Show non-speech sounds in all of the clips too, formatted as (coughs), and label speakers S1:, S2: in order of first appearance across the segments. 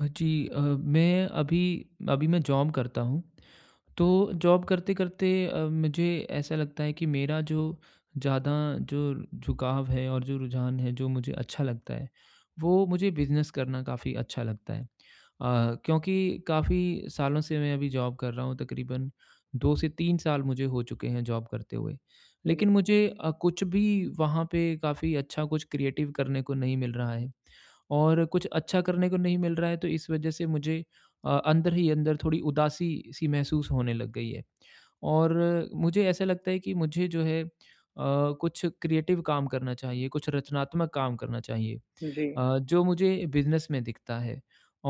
S1: जी अ, मैं अभी अभी मैं जॉब करता हूँ, तो जॉब करते-करते अ, मुझे ऐसा लगता है कि मेरा जो ज़्यादा जो झुकाव है और जो रुझान है, जो मुझे अच्छा लगता है, वो मुझे बिज़नेस करना काफ़ी अच्छा लगता है। अ, क्योंकि काफ़ी सालों से मैं अभी जॉब कर रहा हूँ, तकरीबन 2 से 3 साल मुझे हो चुके हैं जॉब करते हुए।
S2: हुँ, जी।
S1: लेकिन मुझे अ, कुछ भी वहाँ पे काफ़ी अच्छा कुछ क्रिएटिव करने को नहीं मिल रहा है और कुछ अच्छा करने को नहीं मिल रहा है, तो इस वजह से मुझे अ, अंदर ही अंदर थोड़ी उदासी-सी महसूस होने लग गई है, और मुझे ऐसा लगता है कि मुझे जो है अ, कुछ क्रिएटिव काम करना चाहिए, कुछ रचनात्मक काम करना चाहिए।
S2: जी।
S1: अ, जो मुझे बिज़नेस में दिखता है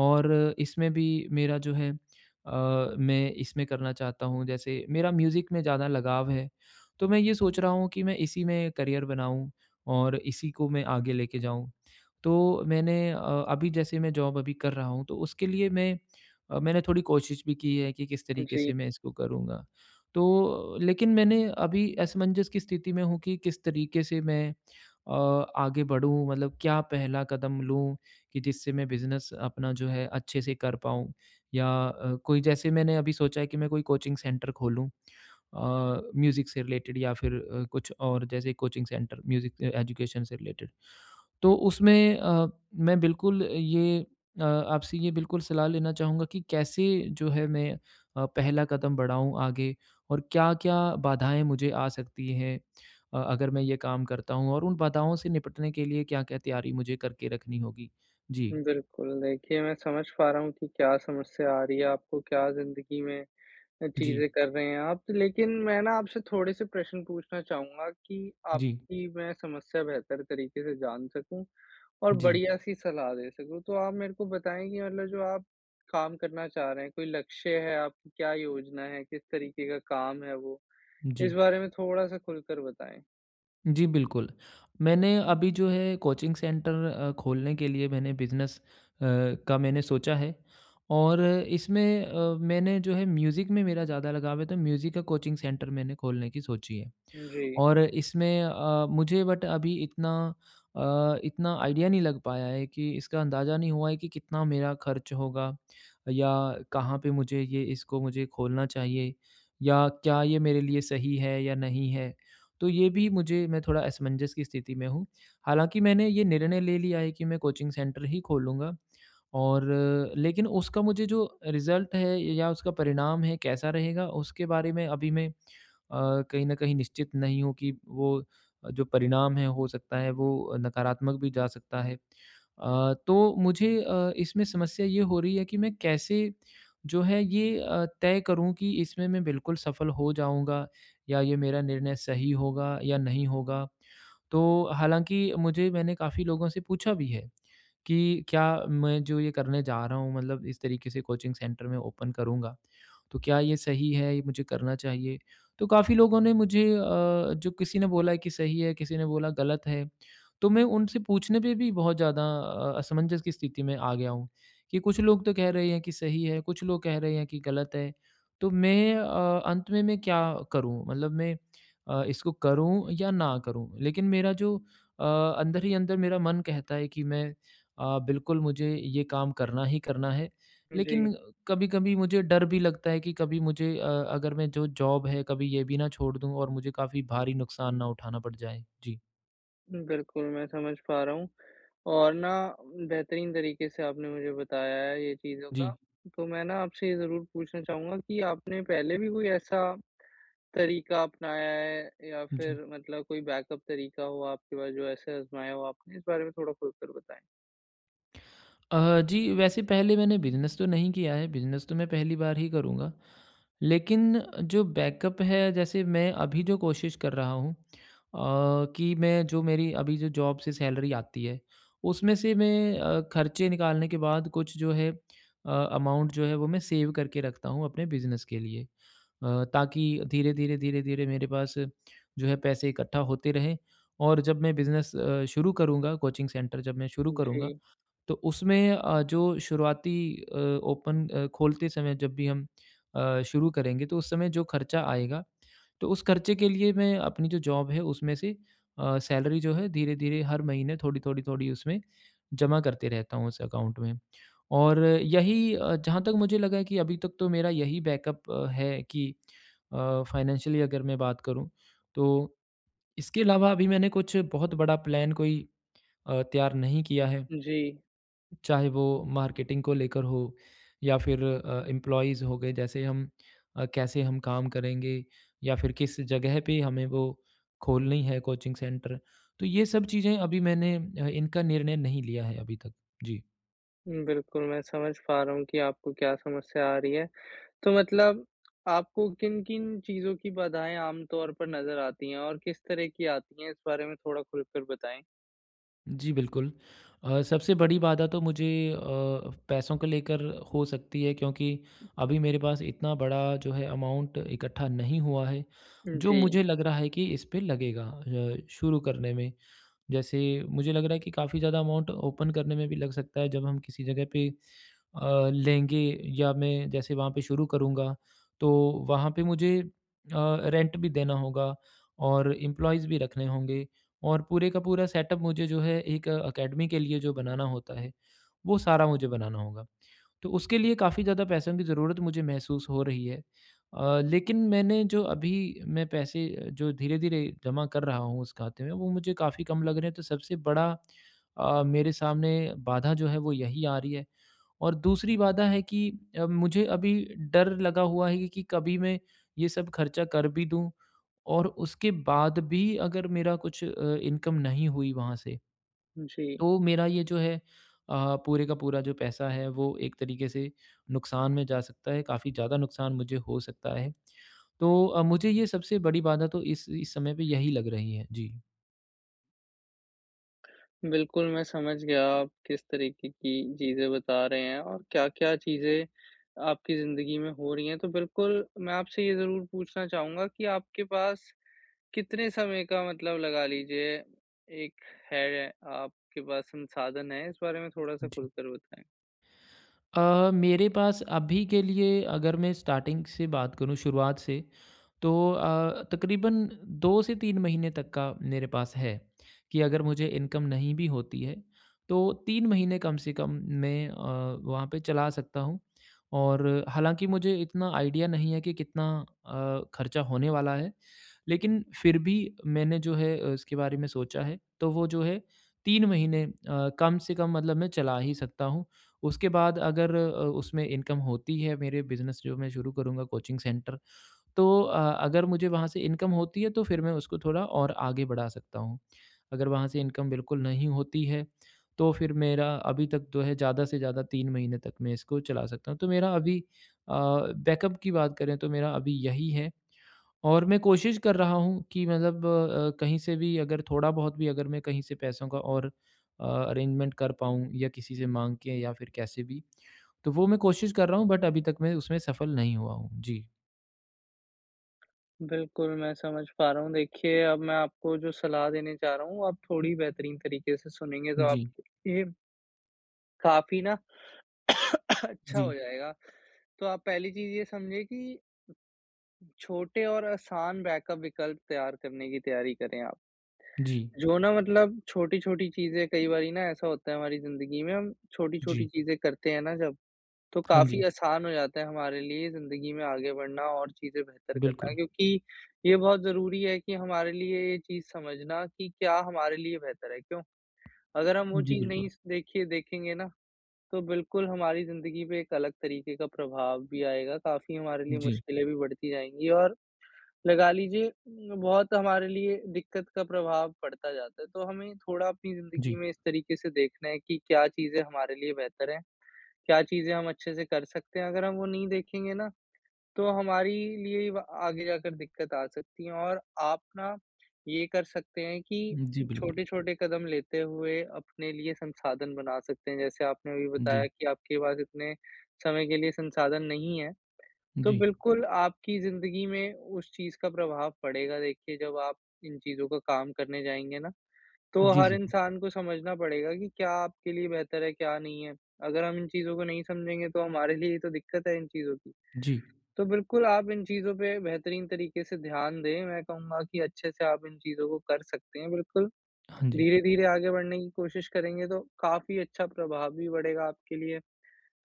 S1: और इसमें भी मेरा जो है अ, मैं इसमें करना चाहता हूँ। जैसे मेरा म्यूज़िक में ज़्यादा लगाव है, तो मैं ये सोच रहा हूँ कि मैं इसी में करियर बनाऊँ और इसी को मैं आगे लेके जाऊँ। तो मैंने अ, अभी जैसे मैं जॉब अभी कर रहा हूँ, तो उसके लिए मैं अ, मैंने थोड़ी कोशिश भी की है कि किस तरीके
S2: जी।
S1: से मैं इसको करूँगा। तो लेकिन मैंने अभी असमंजस की स्थिति में हूँ कि किस तरीके से मैं अ, आगे बढ़ूँ, मतलब क्या पहला कदम लूँ कि जिससे मैं बिज़नेस अपना जो है, अच्छे से कर पाऊँ? या अ, कोई जैसे मैंने अभी सोचा है कि मैं कोई कोचिंग सेंटर खोलूँ अ, म्यूज़िक से रिलेटेड या फिर अ, कुछ और जैसे कोचिंग सेंटर, म्यूज़िक अ, एजुकेशन से रिलेटेड। तो उसमें अ, मैं बिल्कुल ये अ, आपसे ये बिल्कुल सलाह लेना चाहूँगा कि कैसे जो है, मैं अ, पहला कदम बढ़ाऊँ आगे और क्या-क्या बाधाएँ मुझे आ सकती हैं अ, अगर मैं ये काम करता हूँ और उन बाधाओं से निपटने के लिए क्या-क्या तैयारी मुझे करके रखनी होगी? जी?
S2: बिल्कुल, देखिए, मैं समझ पा रहा हूँ कि क्या समस्या आ रही है आपको, क्या ज़िंदगी में अ,
S1: जी।
S2: चीज़ें कर रहे हैं आप, लेकिन मैं ना आपसे थोड़े से प्रश्न पूछना चाहूँगा कि
S1: जी।
S2: आपकी मैं समस्या बेहतर तरीके से जान सकूँ और
S1: जी।
S2: बढ़िया-सी सलाह दे सकूँ। तो आप मेरे को बताएँ कि मतलब जो आप काम करना चाह रहे हैं, कोई लक्ष्य है आप क्या योजना है, किस तरीके का काम है वो? इस
S1: जी
S2: बारे में थोड़ा-सा खुलकर बताएँ।
S1: जी, बिल्कुल। मैंने अभी जो है, कोचिंग सेंटर अ, खोलने के लिए मैंने बिज़नेस अ, का मैंने सोचा है और इसमें अ, मैंने जो है, म्यूज़िक में मेरा ज़्यादा लगाव है, तो म्यूज़िक का कोचिंग सेंटर मैंने खोलने की सोची है।
S2: जी।
S1: और इसमें अ, मुझे बट अभी इतना अ, इतना आइडिया नहीं लग पाया है कि इसका अंदाज़ा नहीं हुआ है कि कितना मेरा खर्च होगा या कहाँ पे मुझे ये इसको मुझे खोलना चाहिए या क्या ये मेरे लिए सही है या नहीं है? तो ये भी मुझे मैं थोड़ा असमंजस की स्थिति में हूँ। हालाँकि मैंने ये निर्णय ले लिया है कि मैं कोचिंग सेंटर ही खोलूँगा और लेकिन उसका मुझे जो रिज़ल्ट है या उसका परिणाम है, कैसा रहेगा, उसके बारे में अभी मैं अ, कहीं न कहीं निश्चित नहीं हूँ कि वो जो परिणाम है, हो सकता है, वो नकारात्मक भी जा सकता है। अ, तो मुझे अ, इसमें समस्या ये हो रही है कि मैं कैसे जो है, ये अ, तय करूँ कि इसमें मैं बिल्कुल सफल हो जाऊँगा या ये मेरा निर्णय सही होगा या नहीं होगा? तो हालाँकि मुझे मैंने काफ़ी लोगों से पूछा भी है कि क्या मैं जो ये करने जा रहा हूँ, मतलब इस तरीके से कोचिंग सेंटर मैं ओपन करूँगा, तो क्या ये सही है, ये मुझे करना चाहिए? तो काफ़ी लोगों ने मुझे अ, जो किसी ने बोला है कि सही है, किसी ने बोला गलत है, तो मैं उनसे पूछने पे भी बहुत ज़्यादा अ, असमंजस की स्थिति में आ गया हूँ कि कुछ लोग तो कह रहे हैं कि सही है, कुछ लोग कह रहे हैं कि गलत है। तो मैं अ, अंत में मैं क्या करूँ? मतलब मैं अ, इसको करूँ या ना करूँ? लेकिन मेरा जो अ, अंदर ही अंदर मेरा मन कहता है कि मैं अ, बिल्कुल मुझे ये काम करना ही करना है। लेकिन
S2: जी।
S1: कभी-कभी मुझे डर भी लगता है कि कभी मुझे अ, अगर मैं जो जॉब है, कभी ये भी ना छोड़ दूँ और मुझे काफ़ी भारी नुकसान ना उठाना पड़ जाए। जी।
S2: बिल्कुल मैं समझ पा रहा हूँ और ना बेहतरीन तरीक़े से आपने मुझे बताया है ये चीज़ों का
S1: जी।
S2: तो मैं ना आपसे ये ज़रूर पूछना चाहूँगा कि आपने पहले भी कोई ऐसा तरीक़ा अपनाया है? या
S1: जी।
S2: फिर मतलब कोई बैकअप तरीक़ा हो आपके पास जो ऐसे अज़माया हो आपने? इस बारे में थोड़ा खुलकर बताएँ।
S1: अ, जी वैसे पहले मैंने बिज़नेस तो नहीं किया है बिज़नेस तो मैं पहली बार ही करूँगा। लेकिन जो बैकअप है जैसे मैं अभी जो कोशिश कर रहा हूँ अ, कि मैं जो मेरी अभी जो जॉब से सैलरी आती है उसमें से मैं अ, खर्चे निकालने के बाद कुछ जो है अ, अमाउंट जो है वो मैं सेव करके रखता हूँ अपने बिज़नेस के लिए। अ, ताकि धीरे-धीरे, धीरे-धीरे मेरे पास जो है पैसे इकट्ठा होते रहें और जब मैं बिजनेस अ, शुरू करूँगा कोचिंग सेंटर जब मैं शुरू करूँगा
S2: जी।
S1: तो उसमें अ, जो शुरुआती अ, ओपन अ, खोलते समय जब भी हम अ, शुरू करेंगे तो उस समय जो खर्चा आएगा तो उस खर्चे के लिए मैं अपनी जो जॉब है उसमें से अ, सैलरी जो है धीरे-धीरे हर महीने थोड़ी-थोड़ी, थोड़ी उसमें जमा करते रहता हूँ उस अकाउंट में। और यही अ, जहाँ तक मुझे लगा है कि अभी तक तो मेरा यही बैकअप है कि अ, फ़ाइनेंशियली अगर मैं बात करूँ तो इसके अलावा अभी मैंने कुछ बहुत बड़ा प्लान कोई अ, तैयार नहीं किया है।
S2: जी।
S1: चाहे वो मार्केटिंग को लेकर हो या फिर अ, एम्प्लॉइज़ हो गए जैसे हम अ, कैसे हम काम करेंगे या फिर किस ज़गह पे हमें वो खोलनी है कोचिंग सेंटर तो ये सब चीज़ें अभी मैंने ह इनका निर्णय नहीं लिया है अभी तक। जी।
S2: उम, बिल्कुल, मैं समझ पा रहा हूँ कि आपको क्या समस्या आ रही है। तो मतलब आपको किन-किन चीज़ों की बाधाएँ आम तौर पर नज़र आतीं है और किस तरह की आतीं है? इस बारे में थोड़ा खुलकर बताएँ।
S1: जी, बिल्कुल। अ, सबसे बड़ी बाधा तो मुझे अ, पैसों को लेकर हो सकती है क्योंकि अभी मेरे पास इतना बड़ा जो है, अमाउन्ट इकट्ठा नहीं हुआ है,
S2: उम,
S1: जो
S2: जी।
S1: मुझे लग रहा है कि इस पे लगेगा अ, शुरू करने में। जैसे मुझे लग रहा है कि काफ़ी ज़्यादा अमाउन्ट ओपन करने में भी लग सकता है, जब हम किसी जगह पे अ, लेंगे या मैं जैसे वहाँ पे शुरू करूँगा, तो वहाँ पे मुझे अ, रेंट भी देना होगा और एम्प्लॉइज़ भी रखने होंगे और पूरे का पूरा सेटअप मुझे जो है, एक अकेडमी के लिए जो बनाना होता है, वो सारा मुझे बनाना होगा। तो उसके लिए काफ़ी ज़्यादा पैसों की ज़रूरत मुझे महसूस हो रही है। अ, लेकिन मैंने जो अभी मैं पैसे, जो धीरे-धीरे जमा कर रहा हूँ उस खाते में, वो मुझे काफ़ी कम लग रहे हैं, तो सबसे बड़ा अ, मेरे सामने बाधा जो है, वो यही आ रही है और दूसरी बाधा है कि अ, मुझे अभी डर लगा हुआ है कि कभी मैं ये सब खर्चा कर भी दूँ और उसके बाद भी अगर मेरा कुछ अ, इनकम नहीं हुई वहाँ से,
S2: जी।
S1: तो मेरा ये जो है अ, पूरे का पूरा जो पैसा है, वो एक तरीके से नुकसान में जा सकता है, काफ़ी ज़्यादा नुकसान मुझे हो सकता है। तो अ, मुझे ये सबसे बड़ी बाधा तो इस इस समय पे यही लग रही है। जी।
S2: बिल्कुल, मैं समझ गया, आप किस तरीके की चीज़ें बता रहे हैं और क्या-क्या चीज़ें आपकी ज़िंदगी में हो रही हैं। तो बिल्कुल, मैं आपसे ये ज़रूर पूछना चाहूँगा कि आपके पास, कितने समय का मतलब लगा लीजिए, एक है, आपके पास संसाधन है? इस बारे में थोड़ा-सा खुलकर बताएँ।
S1: अ, मेरे पास अभी के लिए, अगर मैं स्टार्टिंग से बात करूँ, शुरुआत से, तो अ, तकरीबन 2 से 3 महीने तक का मेरे पास है, कि अगर मुझे इनकम नहीं भी होती है, तो 3 महीने कम से कम मैं अ, वहाँ पे चला सकता हूँ और हालाँकि मुझे इतना आइडिया नहीं है कि, कितना अ, खर्चा होने वाला है। लेकिन फिर भी मैंने जो है, उसके बारे में सोचा है, तो वो जो है, 3 महीने अ, कम से कम मतलब मैं चला ही सकता हूँ। उसके बाद अगर अ, उसमें इनकम होती है, मेरे बिज़नेस, जो मैं शुरू करूँगा कोचिंग सेंटर। तो अ, अगर मुझे वहाँ से इनकम होती है, तो फिर मैं उसको थोड़ा और आगे बढ़ा सकता हूँ। अगर वहाँ से इनकम बिल्कुल नहीं होती है, तो फिर मेरा अभी तक जो है, ज़्यादा से ज़्यादा 3 महीने तक मैं इसको चला सकता हूँ। तो मेरा अभी अ, बैकअप की बात करें, तो मेरा अभी यही है और मैं कोशिश कर रहा हूँ कि मतलब अ, कहीं से भी अगर थोड़ा बहुत भी अगर मैं कहीं से पैसों का और अ, अरेंजमेंट कर पाऊँ या किसी से माँग के या फिर कैसे भी, तो वो मैं कोशिश कर रहा हूँ, बट अभी तक मैं उसमें सफल नहीं हुआ हूँ। जी।
S2: बिल्कुल मैं समझ पा रहा हूँ। देखिए अब मैं आपको जो सलाह देना जा रहा हूँ, आप थोड़ी बेहतरीन तरीके से सुनेंगे तो आप
S1: जी।
S2: ये काफ़ी ना (coughs) अच्छा हो
S1: जी।
S2: जाएगा। तो आप पहली चीज़ ये समझें कि छोटे और आसान बैकअप विकल्प तैयार करने की तैयारी करें आप।
S1: जी।
S2: जो ना मतलब, छोटी-छोटी चीज़ें कई बारी ना ऐसा होता है हमारी ज़िंदगी में, हम छोटी-छोटी
S1: जी।
S2: चीज़ें करते हैं ना जब, तो
S1: हाँ
S2: काफ़ी
S1: जी।
S2: आसान हो जाता है, हमारे लिए ज़िंदगी में आगे बढ़ना और चीज़ें बेहतर करना
S1: बिल्कुल।
S2: क्योंकि ये बहुत ज़रूरी है कि हमारे लिए ये चीज़ समझना कि क्या हमारे लिए बेहतर है। क्यों? अगर हम वो
S1: जी
S2: चीज़ नहीं
S1: बिल्कुल।
S2: स देखिए देखेंगे ना, तो बिल्कुल हमारी ज़िंदगी पे एक अलग तरीके का प्रभाव भी आएगा, काफ़ी हमारे लिए
S1: जी।
S2: मुश्किलें भी बढ़ती जाएँगी और, लगा लीजिए अ, बहुत हमारे लिए दिक्कत का प्रभाव पड़ता जाता है। तो हमें थोड़ा अपनी ज़िंदगी
S1: जी।
S2: में इस तरीके से देखना है कि क्या चीज़ें हमारे लिए बेहतर है? क्या चीज़ें हम अच्छे से कर सकते हैं? अगर हम वो नहीं देखेंगे ना, तो हमारी लिए व आगे जाकर दिक्कत आ सकती है और आप ना ये कर सकते हैं कि,
S1: जी बिल्कुल।
S2: छोटे-छोटे कदम लेते हुए, अपने लिए संसाधन बना सकते हैं। जैसे आपने अभी बताया
S1: जी।
S2: कि आपके पास इतने, समय के लिए संसाधन नहीं है। तो
S1: जी।
S2: बिल्कुल आपकी ज़िंदगी में उस चीज़ का प्रभाव पड़ेगा। देखिए जब आप इन चीज़ों का काम करने जाएँगे ना, तो
S1: जी
S2: हर
S1: ज़रूर।
S2: इंसान को समझना पड़ेगा कि क्या आपके लिए बेहतर है, क्या नहीं है? अगर हम इन चीज़ों को नहीं समझेंगे, तो हमारे लिए ही तो दिक्कत है इन चीज़ों की।
S1: जी।
S2: तो बिल्कुल आप इन चीज़ों पे बेहतरीन तरीके से ध्यान दें। मैं कहूँगा कि अच्छे से आप इन चीज़ों को कर सकते हैं, बिल्कुल।
S1: हाँ जी।
S2: धीरे-धीरे आगे बढ़ने की कोशिश करेंगे तो, काफ़ी अच्छा प्रभाव भी बढ़ेगा, आपके लिए।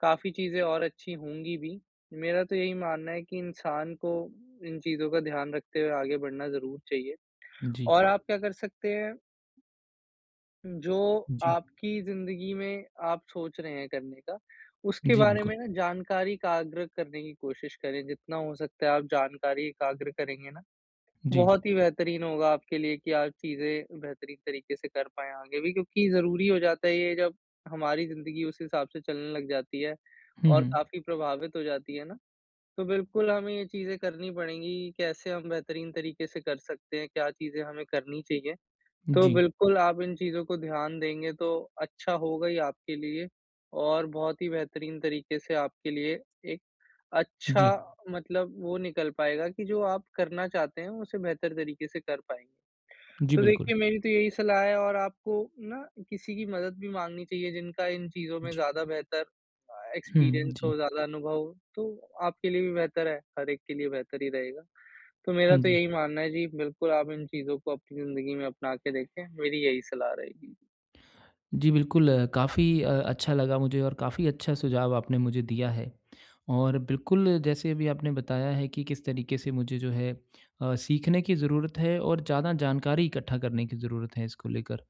S2: काफ़ी चीज़े और अच्छी होंगी भी। मेरा तो यही मानना है कि इंसान को इन चीज़ों का ध्यान रखते हुए आगे बढ़ना ज़रूर चाहिए।
S1: जी।
S2: और आप क्या कर सकते हैं जो
S1: जी।
S2: आपकी ज़िंदगी में आप सोच रहे हैं करने का, उसके
S1: जी
S2: बारे
S1: बिल्कुल।
S2: में ना जानकारी एकाग्र करने कि कोशिश करे, जितना हो सकता है आप जानकारी एकाग्र करेंगे ना,
S1: जी।
S2: बहुत ही बेहतरीन होगा आपके लिए कि आप चीज़े बेहतरीन तरीके से कर पाएँ आगे भी। क्योंकि ज़रूरी हो जाता है ये जब हमारी ज़िंदगी उस हिसाब से चलने लग जाती है
S1: हुँ,
S2: और
S1: हुँ।
S2: काफ़ी प्रभावित हो जाती है ना। तो बिल्कुल हमें ये चीज़ें करनी पड़ेंगी। कैसे हम बेहतरीन तरीके से कर सकते हैं, क्या चीज़ें हमें करनी चाहिए? तो
S1: जी।
S2: बिल्कुल आप इन चीज़ों को ध्यान देंगे, तो अच्छा होगा ही आपके लिए और बहुत ही बेहतरीन तरीके से आपके लिए एक, अच्छा
S1: जी।
S2: मतलब वो निकल पाएगा कि जो आप करना चाहते हैं, उसे बेहतर तरीके से कर पाएँगे।
S1: जी
S2: तो
S1: बिल्कुल।
S2: देखिए मेरी तो यही सलाह है और आपको ना किसी की मदद भी माँगनी चाहिए, जिनका इन चीज़ों में
S1: जी।
S2: ज़्यादा बेहतर अ,
S1: हुँ, हुँ,
S2: एक्सपीरियंस
S1: जी।
S2: हो, ज़्यादा अनुभव हो, तो आपके लिए भी बेहतर है, हर एक के लिए बेहतर ही रहेगा। तो मेरा
S1: हाँ
S2: तो
S1: जी।
S2: यही मानना है, जी बिल्कुल आप इन चीज़ों को अपनी ज़िंदगी में अपना के देखें, मेरी यही सलाह रहेगी।
S1: जी बिल्कुल अ, काफ़ी अ, अच्छा लगा मुझे और काफ़ी अच्छा सुझाव आपने मुझे दिया है। और बिल्कुल जैसे अभी आपने बताया है कि किस तरीके से मुझे जो है अ, सीखने की ज़रूरत है और ज़्यादा जानकारी इकट्ठा करने की ज़रूरत है इसको लेकर।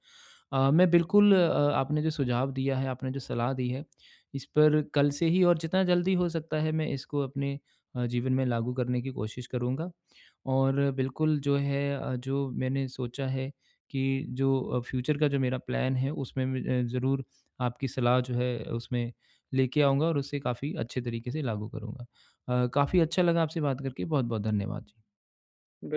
S1: अ, मैं बिल्कुल अ, आपने जो सुझाव दिया है, आपने जो सलाह दी है, इस पर कल से ही और जितना जल्दी हो सकता है मैं इसको अपने अ, जीवन में लागू करने की कोशिश करूँगा। और बिल्कुल जो है अ, जो मैंने सोचा है कि जो अ, फ्यूचर का जो मेरा प्लान है उसमें मैं ज़रूर आपकी सलाह जो है, उसमें लेके आऊँगा और उसे काफ़ी अच्छे तरीके से लागू करूँगा। अ, काफ़ी अच्छा लगा आपसे बात करके, बहुत-बहुत धन्यवाद। जी।
S2: बि